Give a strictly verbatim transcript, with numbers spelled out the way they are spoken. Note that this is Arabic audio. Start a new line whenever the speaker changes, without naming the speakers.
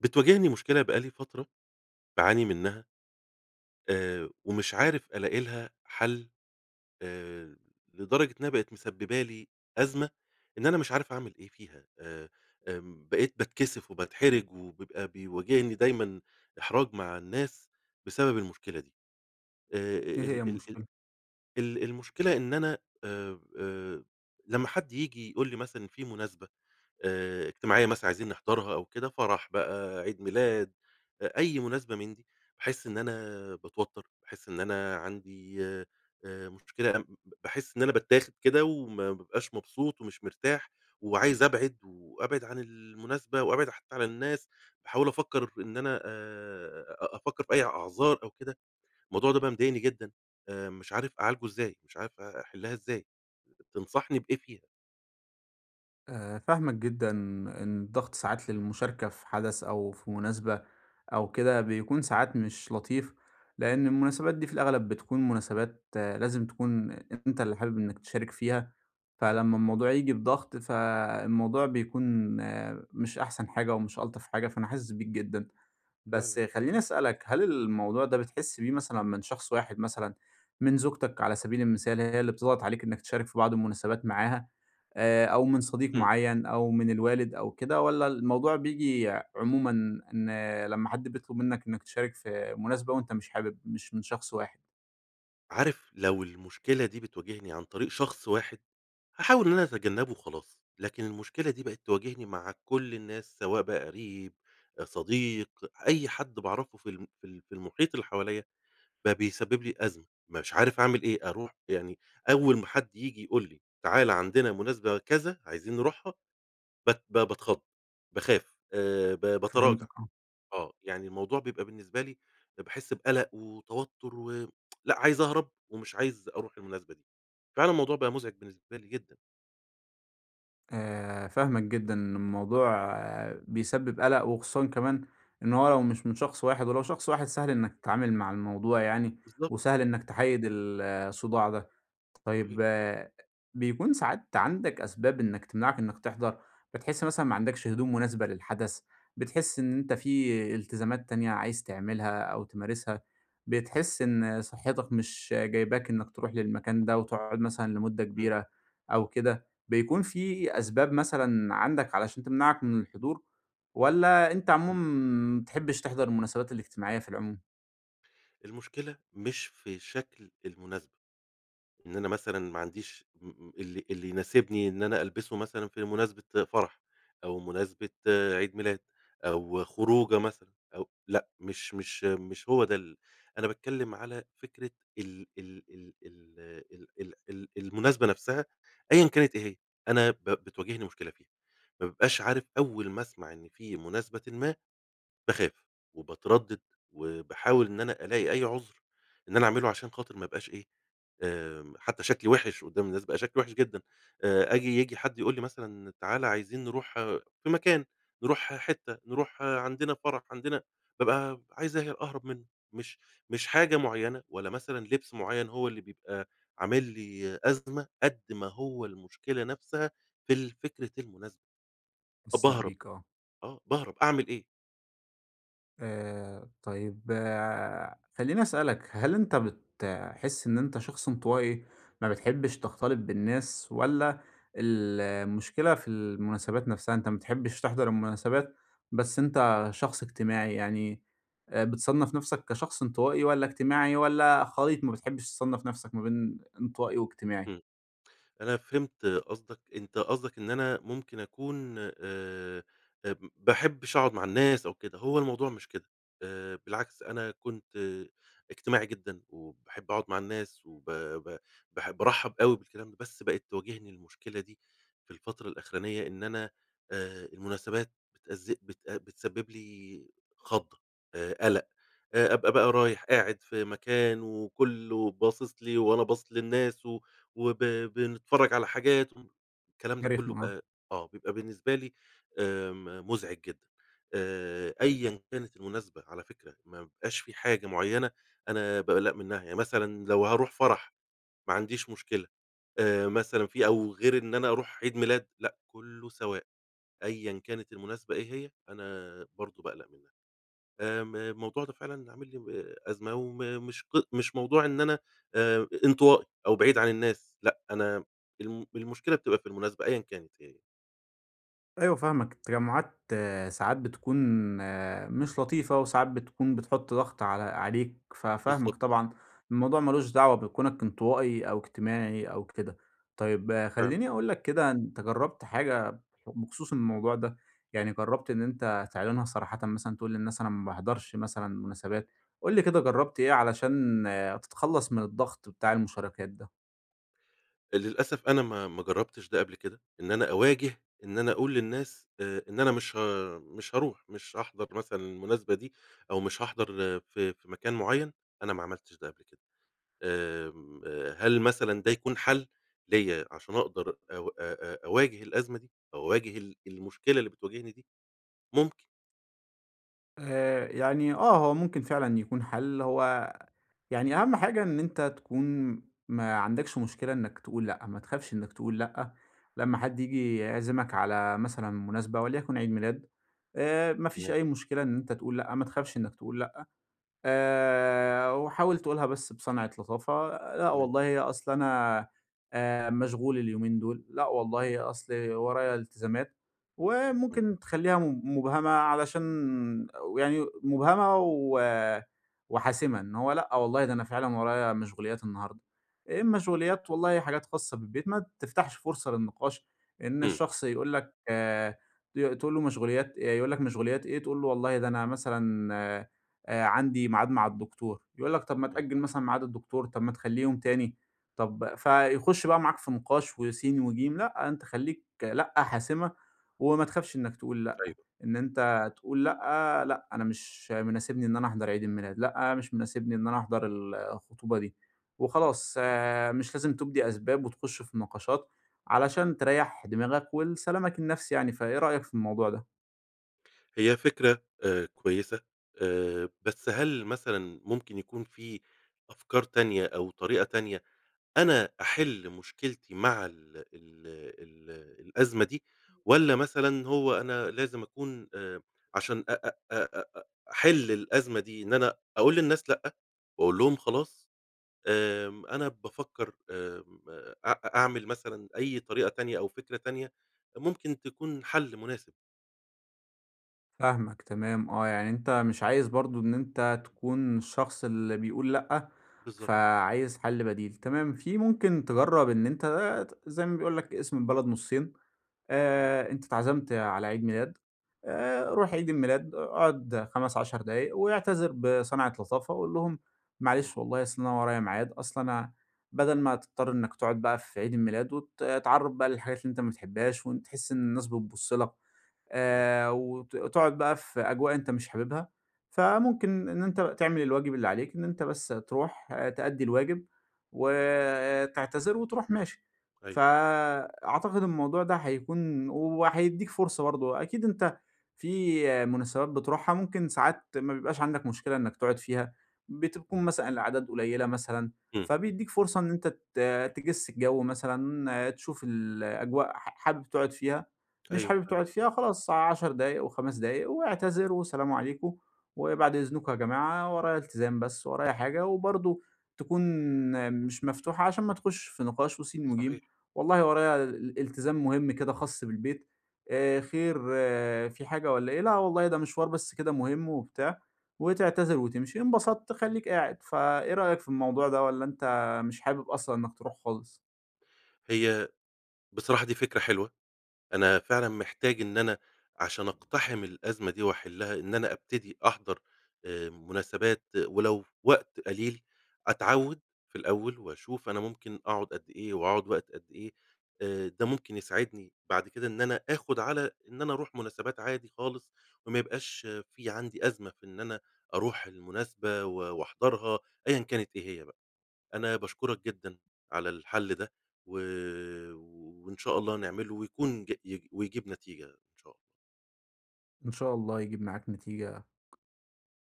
بتواجهني مشكلة بقى لي فترة باعاني منّها آآ، ومش عارف ألاقي لها حل آآ، لدرجة إنها بقت مسببة لي أزمة إن أنا مش عارف أعمل إيه فيها آآ، آمم، بقيت باتكسف وباتحرج ويبقى بيواجهني دايمًا إحراج مع الناس بسبب المشكلة دي. آآ،
إيه هي
ال ال ال
المشكلة؟
ال المشكلة إن أنا آآ، آآ، لمّا حد ييجي يقول لي مثلًا في مناسبة آآ، اجتماعية مثلًا عايزين نحضرها أو كده فرح بقى عيد ميلاد أ أي مناسبة من دي، باحس إن أنا باتوتر باحس إن أنا عندي آآ، مشكلة ب باحس إن أنا باتاخد كده وما بابقاش مبسوط ومش مرتاح، وعايز أبعِد وأبعِد عن المناسبة وأبعِد حتّى عن الناس، باحاول أفكّر إن أنا آآ، أ أفكّر في أي أعذار أو كده، الموضوع ده بقى مضايقني جدًا آآ، مش عارف أعالجه إزاي، مش عارف أ أحلّها إزاي، تنصحني بإيه فيها؟
آآ، فاهماك جدًا، إن الضغط ساعات للمشاركة في حدث أو في مناسبة أو كده بيكون ساعات مش لطيف، لأن المناسبات دي في الأغلب بتكون مناسبات لازم تكون أنت اللي حابب إنك تشارك فيها،
بالضبط.
فلمّا الموضوع ييجي بضغط فالموضوع بيكون مش أحسن حاجة ومش ألطف حاجة، فأنا حاسس بيك جدًا. بس
فعلًا.
خلّيني أسألك هل الموضوع ده بتحس بيه مثلًا من شخص واحد مثلًا، من زوجتك على سبيل المثال هي اللي بتضغط عليك إنك تشارك في بعض المناسبات معاها آآ، أو من صديق
امم.
معيّن أو من الوالد أو كده، والّا الموضوع بييجي عمومًا إن لمّا حد بيطلب منك إنك تشارك في مناسبة وأنت مش حابب مش من شخص واحد؟
عارف لو المشكلة دي بتواجهني عن طريق شخص واحد، هاحاول إن أنا أتجنبه وخلاص، لكن المشكلة دي بقت تواجهني مع كل الناس سواء بقى قريب، صديق، أي حد باعرفه في ال في ال في المحيط اللي حواليَّ بقى بيسبب لي أزمة، مش عارف أعمل إيه، أروح يعني أوّل ما حد ييجي يقول لي تعالَ عندنا مناسبة كذا عايزين نروحها ب ب باتخض، باخاف آه، ب باتراجع
فهمتاك، آه.
آه، يعني الموضوع بيبقى بالنسبة لي باحس بقلق وتوتّر و آآ، لأ عايز أهرب ومش عايز أروح المناسبة دي. فعلًا الموضوع بقى مُزعج بالنسبة لي جدًا.
آآ، فاهماك جدًا، إن الموضوع بيسبب قلق، وخصوصًا كمان إن هو لو مش من شخص واحد، ولو شخص واحد سهل إنّك تتعامل مع الموضوع يعني
بالضبط.
وسهل إنّك تحيد ال الصداع ده،
صحيح.
طيّب، بيكون ساعات عندك أسباب إنّك تمنعك إنّك تحضر، بتحس مثلًا ما عندكش هدوم مناسبة للحدث، بتحس إن أنت في التزامات تانية عايز تعملها أو تمارسها، بتحس إن صحتك مش جايباك إنّك تروح للمكان ده وتقعد مثلًا لمدة
امم.
كبيرة أو كده، بيكون في أسباب مثلًا عندك علشان تمنعك من الحضور، والّا أنت عموم
امم.
ما بتحبش تحضر المناسبات الاجتماعيّة في العموم؟
المشكلة مش في شكل المناسبة. إن أنا مثلًا ما عنديش م اللي اللي يناسبني إن أنا ألبسه مثلًا في مناسبة فرح، أو مناسبة عيد ميلاد، أو خروجة مثلًا أو لأ، مش مش مش هو ده ال أنا باتكلّم على فكرة ال ال ال ال ال ال ال المناسبة نفسها أيًا كانت إيه هي، أنا ب بتواجهني مشكلة فيها، ما بابقاش عارف. أول ما أسمع إن في مناسبةً ما باخاف وباتردد، وباحاول إن أنا ألاقي أي عُذر إن أنا أعمله، عشان خاطر ما ابقاش إيه، آمم حتّى شكلي وحش قدّام الناس، بقى شكلي وحش جدًا آآ آجي ييجي حد يقول لي مثلًا تعالَ عايزين نروح في مكان نروح ح حتّة، نروح عندنا فرح، عندنا بابقى ب عايز أه أهرب منّه. مش مش حاجة مُعيّنة، ولا مثلًا لبسّ مُعيّن، هو اللي بيبقى عامل لي أزمة قد ما هو المشكلة نفسها في الفكرة المناسبة، أ
حسّيت
باهرب.
بيك آه.
آه، باهرب أعمل إيه؟
آآ طيّب آآ خلّيني أسألك هل أنت بتحس إن أنت شخص انطوائي، ما بتحبش تختلط بالناس والّا المشكلة في المناسبات نفسها. أنت ما بتحبش تحضر المناسبات، بس أنت شخص اجتماعي يعني آآ بتصنّف نفسك كشخص انطوائي، والّا اجتماعي، والّا خليط ما بتحبش تصنف نفسك، ما بين انطوائي واجتماعي؟
امم، أنا فهمت قصدك، أنت قصدَك إن أنا ممكن أكون أ ب باحبش أقعد مع الناس أو كده. هو الموضوع مش كده آآ بالعكس أنا كُنت اجتماعي جدًا وباحب أقعد مع الناس وب ب بح بارحب أوي بالكلام ده بس بقت تواجهني المشكلة دي في الفترة الآخرانية إن أنا آآ المناسبات بتأز بتأ بتسبب لي خضة آآ قلق آآ أبقى بقى رايح قاعد في مكان وكلّه باصص لي، وأنا باصص للناس و وب بنتفرج على حاجات أم الكلام
دي
ده كلّه
رخمة،
ب
آه.
أ آه، بيبقى بالنسبة لي آمم مُزعج جدًا، آآ، أيًا كانت المناسبة على فكرة، ما بيبقاش في حاجة مُعيّنة أنا باقلّق منّها ي مثلًا لو هاروح فرح ما عنديش مشكلة، آآ مثلًا في أو غير إن أنا أروح عيد ميلاد لأ، كلّه سواء أيًا كانت المناسبة إيه هي، أنا برضه باقلق منّها. آمم الموضوع ده فعلًا اللي عامل لي و أزمة وم مش ق مش موضوع إن أنا آآ انطوائي أو بعيد عن الناس لأ، أنا الم المشكلة بتبقى في المناسبة أيًا كانت هي.
أيوه فاهمَك، التجمُعات ساعات بتكون مش لطيفة، وساعات بتكون بتحُط ضغط على عليك، ف
بالضبط.
فاهمك طبعًا الموضوع مالوش دعوة بكونك انطوائي أو اجتماعي أو كده. طيّب
فعلًا.
خليني أقولك كده أنتَ جرَّبت حاجة بخصوص الموضوع؟ ده يعني جربت إن أنت تعلِنها صراحةً مثلًا تقول للناس انا ما باحضرش مثلًا مناسبات؟ قُل لي كده جربت إيه علشان آآ، تتخلص من الضغط بتاع المشاركات ده؟
للأسَف أنا ما ما جرّبتش ده قبل كده، إن أنا أواجِه إن أنا أقول للناس آآ، إن أنا مش ه مش هاروح، مش هاحضَر مثلًا المناسبة دي أو مش هاحضر ف في مكان معيَّن أنا ما عملتش ده قَبل كده. آمم، آآ، هل مثلًا ده يكون حَل ليّا عشان أقدر أو أ أ أواجه الأزمة دي، أواجه ال المشكلة اللي بتواجهني دي؟ ممكن.
آآ، يعني آه، هو ممكن فعلًا يكون حَل، هو يعني أهم حاجة إن أنتَ تكون ما عندكش مشكلة إنك تقول لأ، ما تخافش إنك تقول لأ. لما حد ييجي يعزِمَك على مثلًا مناسبة وليكن عيد ميلاد آآ، ما فيش
تمام.
أي مشكلة إن أنتَ تقول لأ، ما تخافش إنك تقول لأ. آآ، وحاوِل تَقولها بس بصَنعِة لطافة لأ
تمام.
والله أصل أنا آآ مشغول اليومين دول، لأ والله أصل ورايا التزامات.
امم.
وممكن تخليها مب مُبهَمَة علشان و يعني مُبهَمَة و وحاسمة. إن هو لأ والله ده أنا فعلًا ورايا مشغوليات النهاردة، إيه المَشغوليات؟ والله حاجات خاصَّة بالبيت. ما تفتحش فُرصة للنقاش إن
اهم.
الشخص يقول لك ت تقول له مَشغوليات آآ يقول لك مشغوليات إيه؟ تقول له والله ده أنا مثلًا آآ عندي ميعاد مع الدكتور. يقول لك طب ما
تمام.
تأجِل مثلًا ميعاد الدكتور، طب ما تخليه يوم تاني. طَب فيخش بقى معاك في نِقاش وسين وجيم، لأ، أنتَ خليك لأ، حاسمة، وما تخافش إنك تقول لأ.
أيوه.
إن أنت تقول لأ، لأ أنا مش مناسبني إن أنا أحضَر عيد الميلاد، لأ مش مناسبني إن أنا أحضر ال الخطوبة دي. وخلاص آآ، مش لازم تُبدي أسباب، وتخش في نقاشات، علشان تريّح دماغك ولسلامَك النفسي يعني، فإيه رأيك في الموضوع ده؟
هي فكرة آآ، كويسة آآ، بس هل مثلًا ممكن يكون في أفكار تانية، أو طريقة تانية أنا أحل مشكلتي مع ال ال ال الأزمة دي؟ والّا مثلًا هو أنا لازم أكون آآ، عشان أ أ أ أ أحل الأزمة دي إن أنا أقول للناس لأ، وأقول لهم خلاص؟ آمم، أنا بافكر آمم، أ أعمل مثلًا أي طريقة تانية أو فكرة تانية ممكن تكون حل مناسب.
فاهمك، تمام، آه، يعني أنت مش عايز برضو إن أنت تكون الشخص اللي بيقول لأ،
بالضبط.
فعايز حل بديل. تمام في ممكن تجرب إن أنت آآ، ت زي ما بيقول لك اقسم البلد نصين،
تمام.
آآ، أنت اتعزمت على عيد ميلاد آآ، روح عيد الميلاد أقعد خمس، عَشر دقايق واعتذر بصنعة لطافة وقل لهم
تمام.
معلش والله أصل أنا ورايا ميعاد أصل أنا بدل ما تضطر إنك تقعد بقى في عيد الميلاد وتتعرّض بقى للحاجات اللي أنت ما بتحبهاش، وإن تحس إن الناس بتبص لك.
تمام.
آآ، وت تقعد بقى في أجواء أنت مش حاببها، فممكن إن أنت تعمل الواجب اللي عليك، إن أنت بس تروح تأدي الواجب وتعتذر وتروح ماشي. ف
أيوه.
أعتقد الموضوع ده هيكون وهيديك فرصة برضو، أكيد أنت في مناسبات بتروحها ممكن ساعات ما بيبقاش عندك مشكلة إنك تقعد فيها، بتكون مثلًا الأعداد قليلة مثلًا،
امم.
فبيديك فرصة إن أنت ت تجس الجو مثلًا، تشوف الأجواء ح حابب تقعد فيها مش
أيوه،
حابب
فعلًا.
تقعد فيها خلاص عَشر دقايق أو خمس دقايق واعتذر وسلام عليكم، وبعد إذنكم يا جماعة ورايا التزام بس ورايا حاجة، وبرضو تكون مش مفتوحة عشان ما تخشش في نقاش وسين وجيم،
صحيح.
والله وريا ال التزام مهم كده خاص بالبيت، آآ، خير
آه.
في حاجة والّا إيه؟ لا والله ده مشوار بس كده مهم وبتاع، وتعتذر وتمشي، انبسطت خليك قاعد. ف إيه رأيك في الموضوع ده، والّا أنت مش حابب أصلًا إنك تروح خالص؟
هي بصراحة دي فكرة حلوة، أنا فعلًا محتاج إن أنا عشان أقتحم الأزمة دي وأحلها، إن أنا أبتدي أحضر آآ، مناسبات ولو وقت قليل، أتعود في الأول وأشوف أنا ممكن أقعد قد إيه وأقعد وقت قد ايه، آآ، ده ممكن يساعدني بعد كده إن أنا آخد على إن أنا أروح مناسبات عادي خالص، وما يبقاش في عندي أزمة في إن أنا أروح المناسبة و وأحضرها أيًا كانت إيه هي بقى. أنا باشكرك جدًا على الحل ده، و وإن شاء الله نعمله ويكون ج ي ويجيب نتيجة إن شاء الله.
إن شاء الله يجيب معك نتيجة.